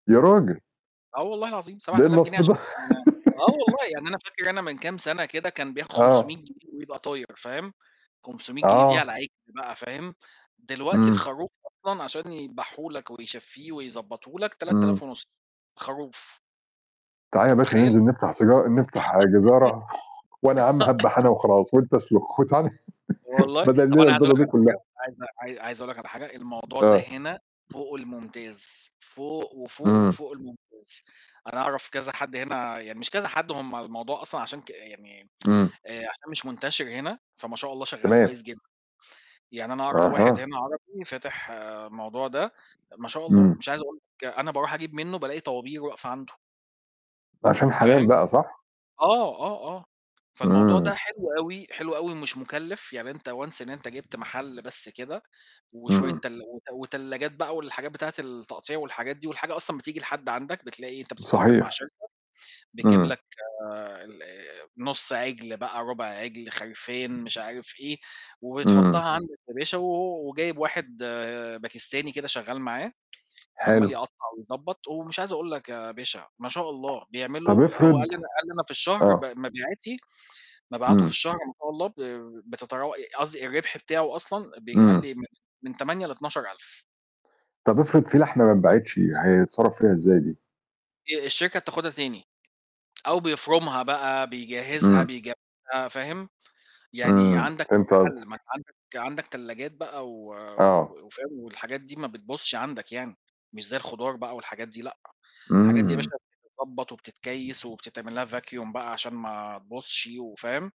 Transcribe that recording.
يا رجل! آه والله العظيم سَبَع ده إيه آلاف جنيه النصب عشان ده؟! يبقى أنا آه والله، يعني أنا فاكر أنا من كام سنة كده كان بياخُد آه. 500 جنيه ويبقى طاير فاهم، 500 جنيه دي على آه. العِجل بقى فاهم، دلوقتي إمم. الخروف أصلًا عشان يدبحه لك ويشفّيه ويضبّطه لك تلات إمم. آلاف ونُص خروف. نعال أنت يا باشا متخيّل؟! ننزِل نفتح سجار نفتح جِزارة وأنا يا عم هادبح أنا وخلاص وأنت أسلُخ وتعا ن والله بدل طَب الليلة أنا عايز أقول البيضة لك دي على كلّها. حاجة عايز عاي عايز أقول لك على حاجة، الموضوع ده آه. هنا فوق المُمتاز، فوق، وفوق، إمم. وفوق المُمتاز. أنا أعرف كذا حد هنا يعني مش كذا حد هم الموضوع أصلًا عشان ك يعني إمم. آآ، عشان مش منتشر هنا، فما شاء الله شغّال تمام. كويس جدًا، يعني أنا أعرف واحد أها. هنا عربي فاتح موضوع ده، ما شاء الله إمم. مش عايز أقول لك أنا باروح أجيب منّه بألاقي طوابير واقفة عنده. عشان حلال فاهم؟ بقى صح؟ آه، آه، آه فالموضوع ده إمم. حلو أوي، حلو أوي ومش مُكلّف، يعني أنت once أنت جبت محل بس كده وشوية إمم. تلا وت وتلّاجات بقى والحاجات بتاعة التقطيع والحاجات دي والحاجة أصلًا بتيجي لحد عندك، بتلاقي أنت بتتعاقد مع صحيح. شركة بتجيب إمم. لك الأ نُص عِجل بقى رُبع عِجل خِرفان مش عارف إيه إمم. وتحطّها عند الفلاشة و و وجايب واحد باكستاني كده شغّال معاه، ب عمّال حلو. يقطّع ويضبط، ومش عايز أقول لك يا باشا ما شاء الله بيعمله طَب آآ، هو أفرض قال لي أنا قال لي أنا في الشهر ب آه. مبيعاتي مبيعاته في إمم. الشهر ما شاء الله ب بتتراو ي قصدي الرِبح بتاعه أصلًا بي قال إمم. لي من من 8 ل12000 طَب أفرض في لحمة ما اتباعتش يع هيتصرّف فيها إزاي دي؟ آآ، الشركة بتاخُدها تاني، أو بيفرمها بقى بيجهزها إمم. بيجهزها فاهم، يعني إمم، عندك كذا فهمت حَل، ما قصدك. أنت عندك عندك تلّاجات بقى و وب آه. وفاهم والحاجات دي ما بتبُظش عندك يعني، مش زي الخضار بقى والحاجات دي لأ، الحاجات دي يا باشا إمم. بتتضبّط وبتتكيّس وبتتعمل لها vacuum بقى عشان ما تبُظش وفاهم؟